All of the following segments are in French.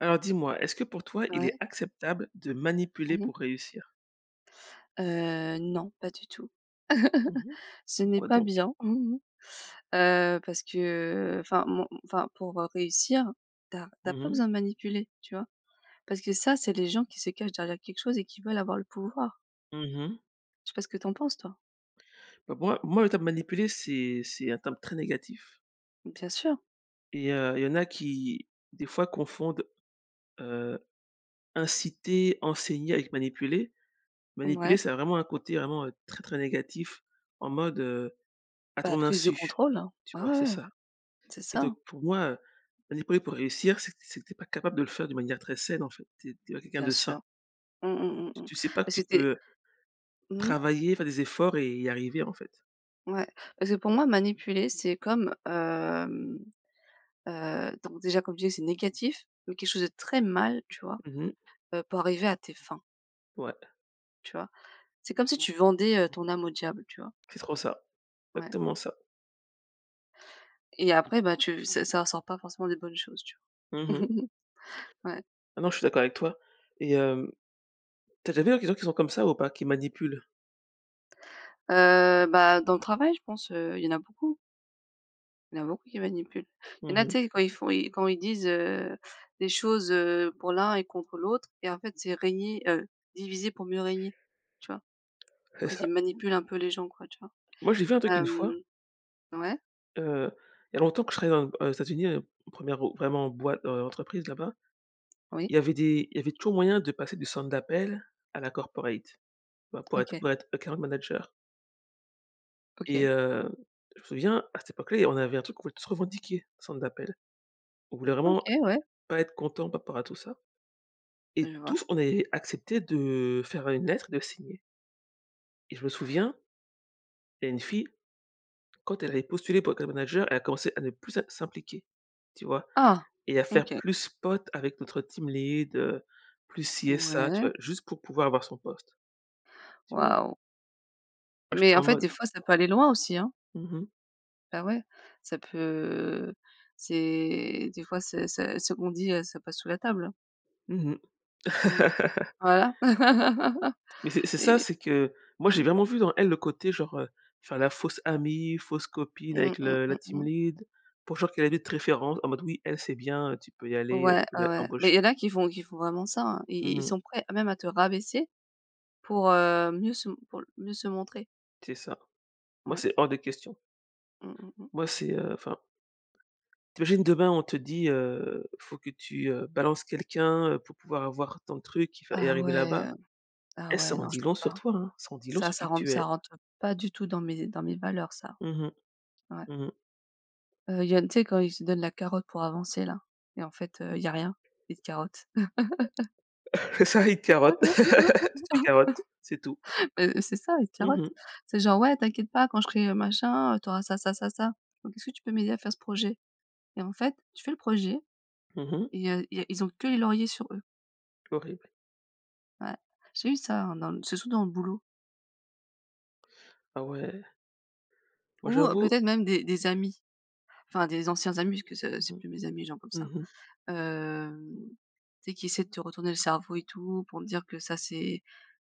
Alors dis-moi, est-ce que pour toi, il Ouais. est acceptable de manipuler Mmh mh. pour réussir? Heu, non, pas du tout. Mmh mh. Ce n'est Pourquoi pas donc? bien, heu, parce que, heu, enfin mon enfin pour, heu, réussir, tu as tu as Mmh pas mh. besoin de manipuler, tu vois? Parce que ça, c'est les gens qui se cachent derrière quelque chose et qui veulent avoir le pouvoir. Mmh mh. Je sais pas ce que tu en penses toi? Bah, moi moi le terme manipuler, c'est c'est un terme très négatif Bien sûr. et heu, il y en a qui, des fois, confondent, heu, inciter, enseigner avec manipuler. Manipuler, Ouais. ça a vraiment un côté vraiment, heu, très, très négatif. En mode, heu, à Bah ton prise de insu, contrôle hein, tu ouais, vois? C'est ouais, ouais. ça C'est et donc ça. pour moi, heu, manipuler pour réussir c'est que c'est que tu es pas capable de le faire de manière très saine en fait. Tu es tu es pas quelqu'un Bien de sain. sûr. Mmh mmh Tu mmh mmh. tu sais pas que Parce que tu tu es peux, heu, Mmh mh. travailler, faire des efforts et y arriver en fait. Ouais. Parce que pour moi manipuler, c'est comme, hem, heu, donc déjà comme je disais c'est négatif, mais quelque chose de très mal, tu vois? Mmh mh. Heu, pour arriver à tes fins. Ouais. Tu vois? C'est comme si tu vendais, heu, ton âme au diable, tu vois? C'est trop ça, Ouais. exactement ça. Et après, bah tu ça ça ressort pas forcément des bonnes choses, tu vois? Mmh mh. Ouais. Ah non, je suis d'accord avec toi et hem, tu as déjà vu [unintelligible] qui sont comme ça ou pas qui manipulent? Heu, bah, dans le travail, je pense, heu, il y en a beaucoup. Il y en a beaucoup qui manipulent, il y Mmh en a, mh. tu sais, quand ils font i quand ils disent, heu, des choses, heu, pour l'un et contre l'autre et en fait c'est régner heu, diviser pour mieux régner, tu vois? C'est En fait, ça. ils manipulent un peu les gens, quoi, tu vois? Moi, j'ai vu un truc une Hem, fois ouais? heu, il y a longtemps, quand je travaillais dans aux États-Unis, heu, 1re, heu, vraiment boî heu, entreprise là-bas. Oui. Il y avait des il y avait toujours moyen de passer du centre d'appel à la corporate, tu vois? Pour être OK. pour être account manager et OK. heu, je me souviens, à cette époque-là, il y a on avait un truc qu'on voulait tous revendiquer au centre d'appel, on voulait OK, vraiment ouais. pas être content par rapport à tout ça. Et Je vois. tous, on avait, accepté de faire une lettre, de signer. Et je me souviens, il y a une fille, quand elle avait postulé pour le poste de manager, elle a commencé à ne plus s'im s'impliquer tu vois? Ah, Et à faire OK. plus pote avec notre team lead, heu, plus ci et ça, tu Ouais. vois? Juste pour pouvoir avoir son poste, tu vois? Waouh! Moi j'étais Mais en en fait, mode des fois ça peut aller loin aussi, hein. Mmh mh. Ah ouais, ça peut c'est des fois ça ça ce qu'on dit, heu, ça passe sous la table, hein. Mmh mh. Mmh. Voilà Mais c'est c'est ça, et c'est que moi, j'ai mmh. vraiment vu dans elle le côté genre, heu, faire la fausse amie, fausse copine Mmh avec mmh le la mmh team mh. lead. Pour genre qu'elle allait être référente, en mode: «Oui, elle c'est bien, heu, tu peux y aller, heu, Ouais, tu peux ah ouais. Mais il y l'embaucher». en a qui font qui font vraiment ça hein, ils Mmh ils mh. sont prêts à même à te rabaisser pour, heu, mieux se m pour l mieux se montrer. C'est ça. Moi, Ouais. c'est hors de question. Mmh mmh mh. Moi, c'est, heu, enfin tu imagines, demain, on te dit, heu, faut que tu, heu, balances quelqu'un, heu, pour pouvoir avoir ton truc, et f et Ah arriver ouais. là-bas. Ah Eh ça ouais, en non, dit je peux long sur pas. toi, hein, ça en dit long Ça, sur qui ça rentre tu ça es. rentre, heu, pas du tout dans mes dans mes valeurs ça. Mmh mh. Ouais. Mmh mh. Heu, il y a tu sais quand ils se donnent la carotte pour avancer là et en fait, heu, il y a rien, ils te carottent. ça il te carotte. Tu te fais carotte, c'est tout. Beh c'est ça, ils te Mmh carottent. mh. C'est genre: «Ouais, t'inquiète pas, quand je serai machin, heu, t'auras ça ça ça ça. Donc est-ce que tu peux m'aider à faire ce projet?» Et en fait, tu fais le projet Mmh mh. et il y a il y a ils ont que les lauriers sur eux. Horrible. Ouais, j'ai eu ça, hein, dans l surtout dans le boulot. Ah ouais! Moi, Ou, heu, j'avoue peut-être même des des amis, enfin des anciens amis. Parce que ça Mmh c'est mh. plus mes amis, les gens comme ça, Mmh mh. hem, tu sais qui essaient de te retourner le cerveau et tout. Pour me dire que ça c'est,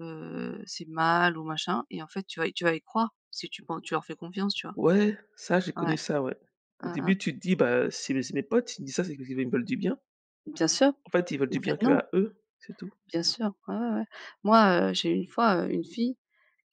heu, c'est mal ou machin et en fait tu vas y tu vas y croire, si tu enfin tu leur fais confiance, tu vois? Ouais, ça j'ai Ouais. connu ça, ouais. Au Hein hein. début tu te dis: «Bah, heu, c'est mes c'est mes potes, il me dit ça, c'est [unintelligible] ils me veulent du bien.» Bien sûr, En fait, ils veulent mais du en bien fait, non. qu'à eux, c'est tout. Bien sûr, ouais, ouais, ouais. Moi, heu, j'ai eu une fois, heu, une fille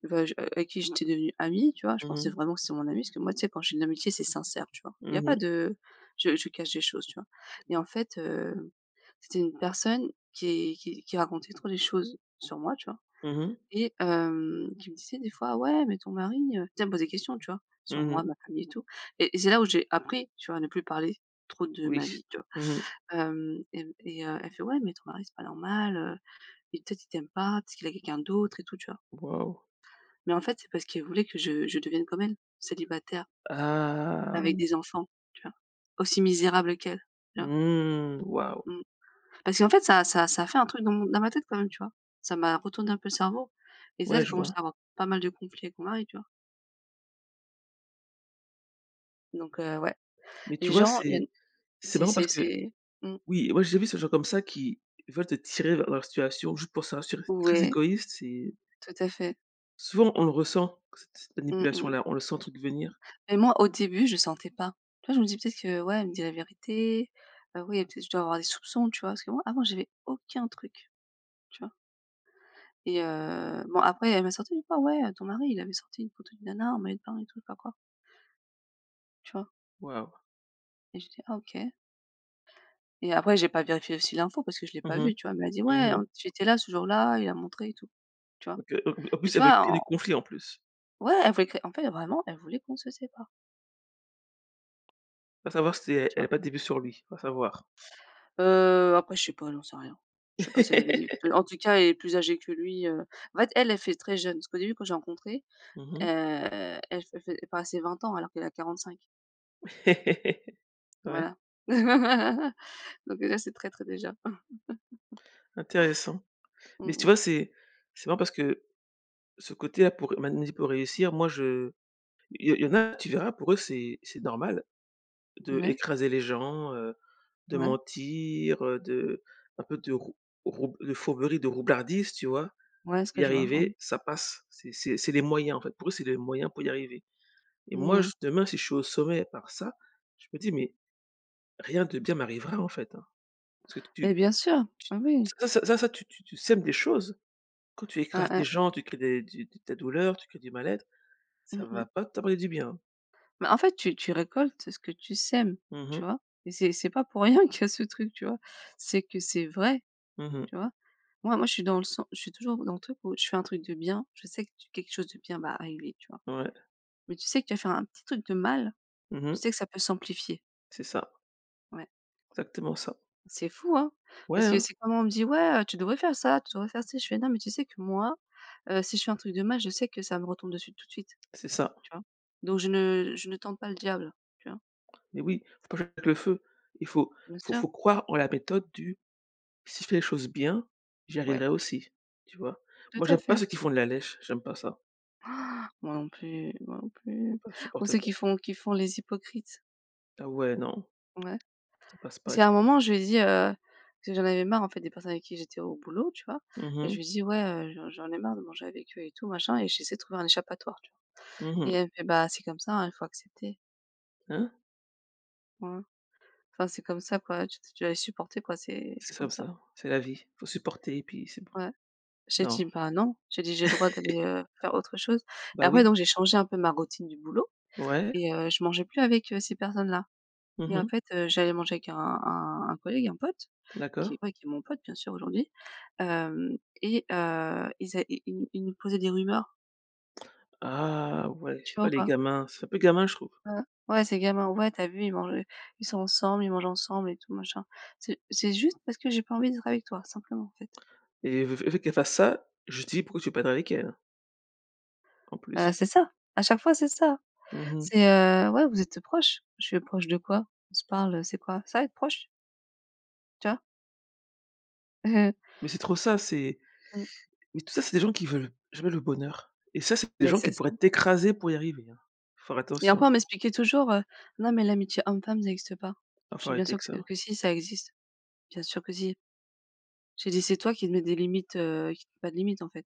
ve j avec qui j'étais devenue amie, tu vois? Je Mmh pensais mh. vraiment que c'était mon amie. Parce que moi tu sais quand j'ai une amitié c'est sincère, tu vois? Il y Mmh a pas mh. de je je cache des choses, tu vois? Et en fait, heu, c'était une personne qui qui qui racontait trop les choses sur moi, tu vois? Mmh mh. Et hem, qui me disait des fois: «Ouais mais ton mari, heu», tu sais elle me posait des questions tu vois? Sur Mmh mh. moi, ma famille et tout et c'est là où j'ai appris, tu vois? À ne plus parler trop de Oui, ma vie, tu vois? mmh mh. Hem et et heu, elle fait: «Ouais, mais ton mari c'est pas normal, heu et peut être il t'aime pas, peut être qu'il a quelqu'un d'autre et tout». Tu vois? Waouh! Mais en fait, c'est parce qu'elle voulait que je je devienne comme elle, célibataire. Avec Ah. des enfants, tu vois? Aussi misérable qu'elle, tu vois? Mmh. Waouh. Mmh. Parce qu'en fait ça ça ça a fait un truc dans mon dans ma tête quand même, tu vois? Ça m'a retourné un peu le cerveau, et ça Ouais, j'ai je commence vois. à avoir pas mal de conflits avec mon mari, tu vois? Donc heu, ouais. Mais tu Les vois? gens il y a une C'est c'est c'est marrant c'est parce que c'est mmh. oui moi, j'ai déjà vu ces gens comme ça qui veulent te tirer vers leur situation, juste pour se rassurer. C'est très Ouais. égoïste, c'est Tout à fait. Souvent, on le ressent. C cette Mmh mmh. manipulation-là, on le sent, truc venir. Et moi, au début, je sentais pas. Tu vois? Je me dis: «Peut-être que ouais, elle me dit la vérité, heu, oui et peut-être, je dois avoir des soupçons». Tu vois? Parce que moi avant j'avais aucun truc, tu vois? Et, heu, bon, après elle m'a sorti une fois: «Ouais, heu, ton mari, il avait sorti une photo d'une nana en maillot de bain et tout». Je sais pas quoi. Tu vois? Waouh. Et j'ai dit: «Ah OK». Et après, j'ai pas vérifié aussi l'info parce que je l'ai Mmh pas mh. vue, tu vois? Mais elle a dit: «Ouais, Mmh mh. hem, tu était là ce jour-là, il a montré et tout». Tu vois? Donc, heu, en b en Et plus, tu elle veut vois? que des En conflits en plus. Ouais, elle voulait créer en fait, vraiment, elle voulait qu'on se sépare. Va savoir si e Tu elle a vois? pas des vues sur lui? Va savoir. Heu, après je sais pas, j'en sais rien. Je sais pas si elle avait des vues. En-tout-cas, elle est plus âgée que lui, heu en fait, elle, elle fait très jeune parce qu'au début, quand je l'ai rencontré, Mmh heu, mh. elle fait fait passer 20 ans alors qu'elle a 45. Ouais. Voilà. Donc, là, c'est traître déjà. Intéressant, mais Mmh tu mh. vois, c'est c'est marrant parce que ce côté à pour mani pour réussir, moi je il y en il y en a, tu verras pour eux, c'est c'est normal. Ouais. D'écraser les gens, heu, de Ouais. mentir de un peu de rou rou de fourberie, de roublardise, tu vois? Ouais, ce Pour que y je vois. Mmh. arriver, ça passe, c'est c'est c'est les moyens en fait, pour eux, c'est les moyens pour y arriver. Et Mmh moi, je mh. demain, si je suis au sommet par ça, je me dis: «Mais, rien de bien m'arrivera en fait, hein», ce que tu Mais bien sûr, bah, oui. ça ça ça tu tu tu sèmes des choses, quand tu Ouais, écrases des ouais. gens, tu crées des du des douleurs, tu crées du mal-être, ça Mmh mh. va pas t'apporter du bien, hein. Bah, en fait tu tu récoltes ce que tu sèmes, Mmh tu mh. vois? Et c'est c'est pas pour rien qu'il y a ce truc, tu vois? C'est que c'est vrai, Mmh mh. tu vois? Moi moi, je suis dans le sen je suis toujours dans le truc où, je fais un truc de bien, je sais que tu quelque chose de bien va arriver, tu vois? Ouais. Mais tu sais que tu vas faire un petit truc de mal, Mmh mh. tu sais que ça peut s'amplifier. C'est ça. Ouais. Exactement ça. C'est fou, hein? Ouais, Parce que hein. c'est comme on me dit: «Ouais, heu, tu devrais faire ça, tu devrais faire ci». Je fais: «Non, mais tu sais que, moi, heu, si je fais un truc de mal je sais que ça me retombe dessus tout de suite», C'est ça. tu vois? Donc je ne je ne tente pas le diable, tu vois? Mais oui, faut pas jouer avec le feu, il faut Bien faut sûr. faut croire en la méthode du: «Si je fais les choses bien, j'y Ouais. arriverai aussi», tu vois? Tout Moi, à j'aime pas fait. ceux qui font de la lèche, j'aime pas ça. Moi non plus, moi non Faut plus, pas, je ou supporte ceux pas. qui font qui font les hypocrites. Ah ouais, non. Ouais Ça passe pas parce qu'il y avec a un moi ça. moment je lui ai dit, heu- parce que j'en avais marre en fait, des personnes avec qui j'étais au boulot, tu vois- Mmh et je mh. lui dis: «Ouais, heu, j'en j'en ai marre de manger avec eux et tout, machin, et j'essaie de trouver un échappatoire» tu vois? Mmh Et mh. elle me fait: «Bah, c'est comme ça, hein, il faut accepter». Hein? Ouais, ouais. Enfin c'est comme ça, quoi. Tu tu dois les supporter quoi, c'est C'est c'est comme somme ça. ça, c'est la vie, faut supporter et puis c'est bon. Ouais, j'ai Non. dit: «Ben, non!» j'ai dit: «J'ai le droit d'aller, heu, faire autre chose» et Bah après, oui. donc, j'ai changé un peu ma routine du boulot Ouais. et heu, je mangeais plus avec, heu, ces personnes-là Mmh et en mh. fait, heu, j'allais manger avec un un un collègue, un pote, qui D'accord. ouais, qui est mon pote, bien sûr aujourd'hui, hem et heu, ils é i i ils nous posaient des rumeurs. Ah ouais, Tu c'est vois oh ou les pas? gamins! C'est un peu gamin, je trouve. Heu, ouais, c'est gamin: «Ouais, tu as vu, ils mangent heu, ils sont ensemble, ils mangent ensemble et tout, machin». C'est c'est juste parce que j'ai pas envie d'être avec toi, simplement en fait. Et elle veut elle veut qu'elle fasse ça, je lui dis: «Pourquoi tu veux pas être avec elle?» En Heu, plus. c'est ça. À chaque fois, c'est ça. Mmh mh. C'est, heu: «Ouais, vous êtes, heu, proches». Je fais: «Proches de quoi? On se parle, heu, c'est quoi? Ça être proches?». Tu vois? Mais c'est trop ça, c'est Mmh. mais tout ça, c'est des gens qui veulent jamais le bonheur, et ça c'est des Beh, gens qui c'est ça. pourraient t'écraser pour y arriver, hein, faut faire Et attention. enfant, on m'expliquait toujours, heu: «Non, mais l'amitié homme-femme ça existe pas». Ah Je faut fais: «Bien arrêter sûr avec que ça ouais. s que si ça existe. Bien sûr que si». J'ai dit: «C'est toi qui te mets des limites, heu, qu il y a pas de limites en fait».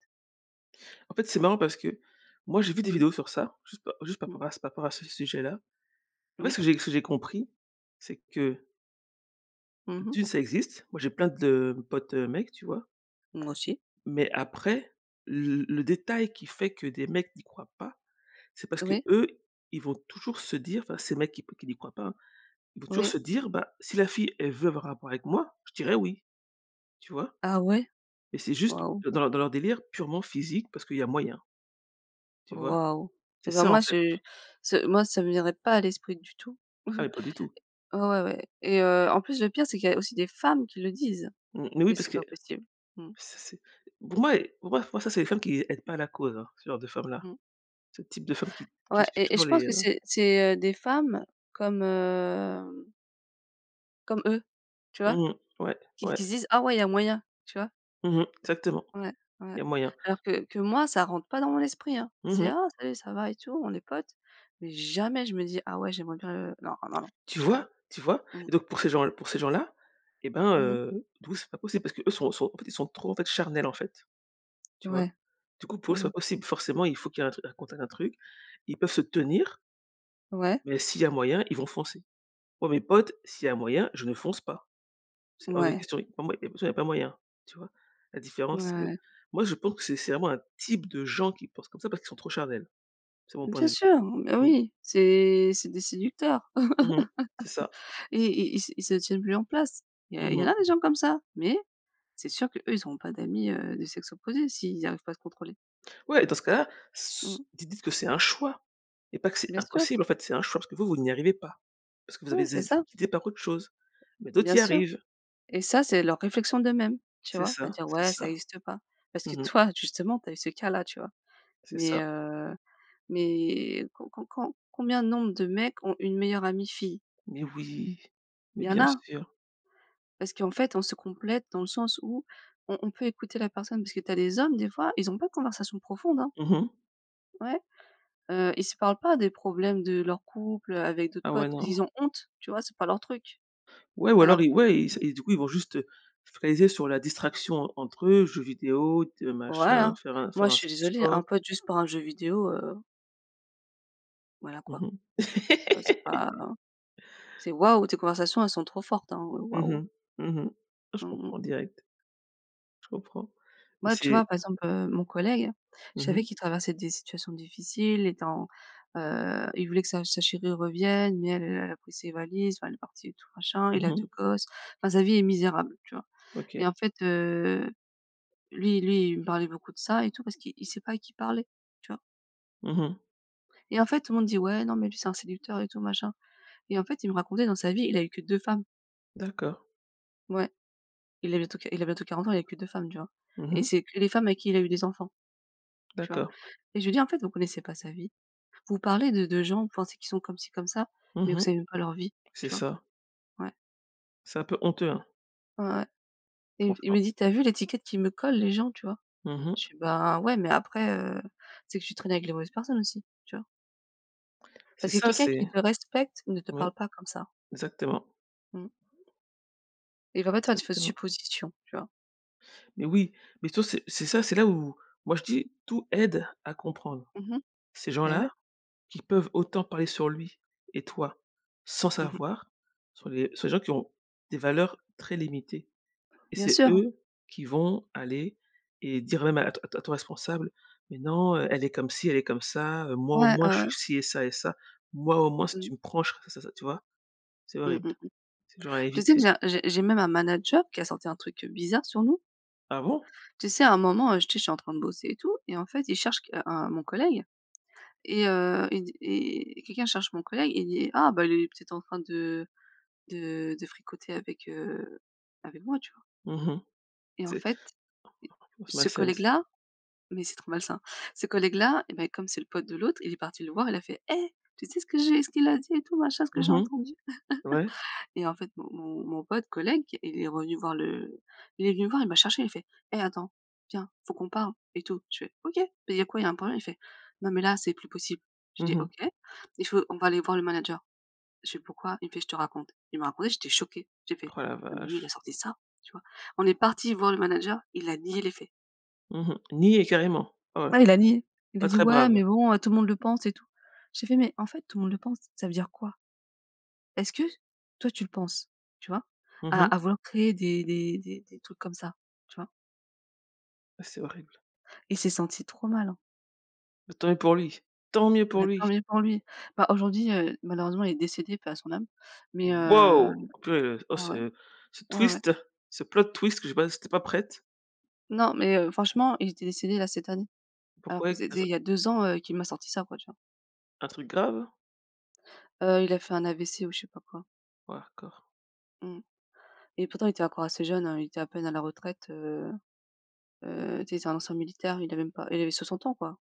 En fait, c'est marrant parce que moi, j'ai vu des Mmh. vidéos sur ça, juste pa juste par Mmh. ra par rapport à ce sujet-là. En fait ce Oui. que j'ai ce que j'ai compris, c'est que Mmh heu mh. d'1 ça existe. Moi, j'ai plein de potes, heu, mecs tu vois? Moi aussi. Mais après, le le détail qui fait que des mecs n'y croient pas, c'est parce Oui. qu'eux, ils vont toujours se dire enfin ces mecs qui n'y croient pas, hein, ils vont toujours Oui. se dire: «Bah, si la fille elle veut avoir un rapport avec moi, je dirais oui». Tu vois? Ah ouais? Et c'est juste Waouh. dans dans leur délire purement physique, parce qu'il y a moyen tu vois? Waouh. C'est Et ben ça en moi fait. je ce moi ça me viendrait pas à l'esprit du tout. Ah mais pas du tout. Ouais, ouais, ouais et heu, en plus, le pire, c'est qu'il y a aussi des femmes qui le disent, Mmh, mais oui, que parce c'est que pas possible. Mmh. ça, c'est pour moi elles, pour moi pour moi, moi, ça c'est les femmes qui aident pas la cause, hein, ce genre de femme là. Mmh. Ce type de femme qui qui Ouais suit et et toujours je pense les, heu que c'est c'est, heu, des femmes comme, heu Comme eux, tu vois? Mmh mh. Ouais. Qui Ouais. qui se disent: «Ah ouais, il y a moyen», tu vois? Mmh mh. Exactement, Ouais. il Ouais. y a moyen. Alors que que moi, ça rentre pas dans mon esprit, hein, Mmh c'est: mh. «Ah salut, ça va?», et tout, on est potes, mais jamais je me dis: «Ah ouais, j'aimerais bien heu». Non, non, non. Tu Jamais. vois? Tu vois? Mmh. Et donc pour ces gens l pour ces gens-là, eh ben, Mmh mh. heu, d'où c'est pas possible? Parce qu'eux, sont sont, en fait, ils sont trop en fait, charnels, en fait. Tu vois? Ouais. Du coup, pour eux, c'est Mmh pas mh. possible. Forcément, il faut qu'il y ait un tru un contact, un truc. Ils peuvent se tenir Ouais. mais s'il y a moyen, ils vont foncer. Moi, mes potes, s'il y a moyen, je ne fonce pas. C'est hors de Ouais. question, il y a pas moy toute façon il y a pas moyen, tu vois? La Ouais, différence, c'est que ouais. moi je pense que c'est c'est vraiment un type de gens qui pensent comme ça, parce qu'ils sont trop charnels, c'est mon point Bien de vue. sûr! Beh, Mmh. oui, c'est c'est des séducteurs. Mmh mh, c'est ça. Et et i ils se ils se tiennent plus en place. Il y a il Mmh y en mh. a des gens comme ça, mais, c'est sûr qu'eux ils ont pas d'amis, heu, de sexe opposé, s'ils arrivent pas à se contrôler. Ouais, dans ce cas-là, Mmh s s mh. di dites que c'est un choix et pas que c'est Bien sûr. impossible en fait, c'est un choix, parce que vous vous n'y arrivez pas. Parce que vous avez Ouais, c'est été ça. guidés par autre chose, mais d'autres Bien y sûr. arrivent. Et ça c'est leur réflexion d'eux-mêmes, tu C'est vois? À ça, dire: c'est «Ouais, ça. ça existe pas», parce que Mmh mh. toi, justement, tu as eu ce cas-là, tu vois? C'est Mais ça. heu, mais com com com combien de nombre de mecs ont une meilleure amie fille? Mais oui, mais Il y en bien a. sûr. Parce qu'en fait, on se complète dans le sens où on on peut écouter la personne, parce que tu as des hommes des fois, ils ont pas de conversation profonde, hein? Mmh mh. Ouais. Heu, ils se parlent pas des problèmes de leurs couples, heu, avec d'autres Ah ouais, potes parce non. qu'ils ont honte, tu vois? C'est pas leur truc. Ouais ou Alors. alors i ouais, il s [unintelligible] et du coup, ils vont juste fraiser sur la distraction en entre eux, jeux vidéo, te machin, Voilà, faire un moi faire un je suis du désolée, un sport. pote juste pour un jeu vidéo, heu voilà Mmh quoi. mh. Ouais, c'est pas c'est, waouh, tes conversations, elles sont trop fortes, hein, heu, Mmh waouh. mh, mmh mh. Oh, je Mmh mh. comprends direct. Je comprends et Moi, tu c'est vois? Par exemple, heu, mon collègue, je Mmh savais mh. qu'il traversait des situations difficiles étant, heu, il voulait que sa sa chérie revienne mais elle, elle elle a pris ses valises, enfin, elle est partie et tout machin, Mmh il a mh. 2 gosses, enfin sa vie est misérable, tu vois? Et OK. en fait heu, lui lui, il me parlait beaucoup de ça et tout, parce qu'il il sait pas à qui parler. Tu vois? Mmh mh. Et en fait, tout le monde dit: «Ouais, non, mais lui, c'est un séducteur» et tout, machin, et en fait, il me racontait dans sa vie, il a eu que 2 femmes. D'accord. Ouais, il a bientôt q il a bientôt 40 ans, il a eu que 2 femmes tu vois? Mmh Et mh. c'est que les femmes avec qui il a eu des enfants. Tu vois? D'accord. Et je lui ai dit: «En fait, vous connaissez pas sa vie. Vous parlez de de gens, vous pensez qu'ils sont comme ci comme ça, mais Mmh vous mh. savez même pas leur vie». C'est Tu vois? ça. Ouais. C'est un peu honteux, hein. Ouais, et et il me Franchement. dit: «Tu as vu l'étiquette qu'ils me collent les gens, tu vois?» Mmh mh. je dis: «Bah ouais, mais après, heu, c'est que tu trainais avec les mauvaises personnes aussi». Tu vois? C'est Parce que ça, quelqu'un c'est qui te respecte, ne te oui, parle pas comme ça. exactement. Mmh. Il va pas te faire des fausses Exactement. suppositions, tu vois? Mais oui, mais tu vois? C'est c'est ça, c'est là où moi je dis: «Tout aide à comprendre». Mmh mh. Ces gens Beh, là ouais. qui peuvent autant parler sur lui et toi, sans Mmh mh. savoir, sont les sont les gens qui ont, des valeurs très limités et Bien c'est sûr. eux qui vont aller et dire même à t à ton responsable: «Mais non, elle est comme ci, elle est comme ça, heu, moi au Ouais, ouais, moins, je suis ouais. ci et ça, et ça. Moi au moins, si tu Mmh. me prends, je ferais ça, ça» tu vois? C'est Mmh. horrible, Mmh mh. c'est le genre à Tu sais que éviter. j'ai j'ai j'ai même un manager qui a sorti un truc, heu, bizarre sur nous? Ah bon? Tu sais à un moment, heu, tu sais, je suis en train de bosser et tout, et en fait, il cherche que un mon collègue et heu, il dit et quelqu'un cherche mon collègue, et il dit: «Ah bah il est peut-être en train de de de fricoter avec, heu, avec moi». Tu vois? Mmh mh. Et en C'est fait heu [unintelligible] Was my ce collègue sense là mais c'est trop malsain. Ce collègue là et beh, comme c'est le pote de l'autre, il est parti le voir, il a fait: «Eh, tu sais ce que j'ai ce qu'il a dit et tout machin, ce que Mmh j'ai entendu?» mh, ouais. et en fait mon mon mon pote, collègue, il est revenu voir le il est venu me voir et il m'a cherché, il fait: «Eh, attends, viens, faut qu'on parle et tout» je fais: «OK, beh, il y a quoi, il y a un problème?» il fait: «Non mais là, c'est plus possible!» j'ai Mmh dit: mh. «OK, il faut on va aller voir le manager.» je fais: «Pourquoi?» il me fait: «Je te raconte». Il m'a raconté, j'étais choquée, j'ai fait: Roh, la «Non, mais lui il a vache. sorti ça?» tu vois? On est parti voir le manager, il a nié les faits. Mmh mh. Nié, carrément, ah ouais. Ouais, il a nié, il a Pas dit: très «Ouais brave. mais bon, heu, tout le monde le pense et tout». J'ai fait: «Mais en fait, "tout le monde le pense", ça veut dire quoi est-ce que toi, tu le penses?» tu vois? Mmh À mh. à vouloir créer des des des des trucs comme ça, tu vois? Ah, c'est horrible. Il s'est senti trop mal, hein. Tant mieux pour lui, tant mieux pour Bah, tant lui. mieux pour lui. Bah aujourd'hui, heu, malheureusement, il est décédé, paix à son âme, mais, heu, Waouh! Oh peu oh ouais. ce ce Ouais, ouais. twist, ce plot twist, que je passe j'étais pas prête. Non, mais, heu, franchement, il était décédé là, cette année, alors Pourquoi que et? c'était [unintelligible] il y a 2 ans, heu, qu'il m'a sorti ça, quoi, tu vois? Un truc grave? Heu, il a fait un AVC ou je sais pas quoi. Ouais, hard core. Mmh et pourtant, il était encore assez jeune hein, il était à peine à la retraite. Heu heu, tu sais? C'est un ancien militaire, il avait même pas il avait 60 ans, quoi.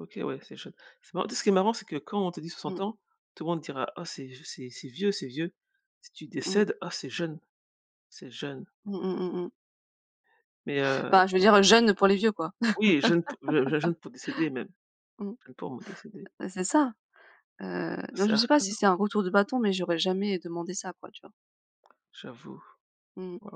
OK, ouais, c'est chaud, c'est ma tu sais? Ce qui est marrant, c'est que quand on te dit 60 Mmh. ans, tout le monde dira: «Oh, c'est j c'est c'est vieux, c'est vieux», si tu Mmh. décèdes: «Oh c'est jeune, c'est jeune». Mmh mh, mmh mh. Mais, heu Enfin, je veux dire jeune, pour les vieux, quoi. Oui, jeune p jeu jeune pour décéder même Mmh. [unintelligible] pas moi décédé. Heu, c'est ça, heu, non, C'est je sais hard pas si c'est core. un retour de bâton, mais j'aurais jamais demandé ça quoi, tu vois? J'avoue. Mmh mh. Waouh.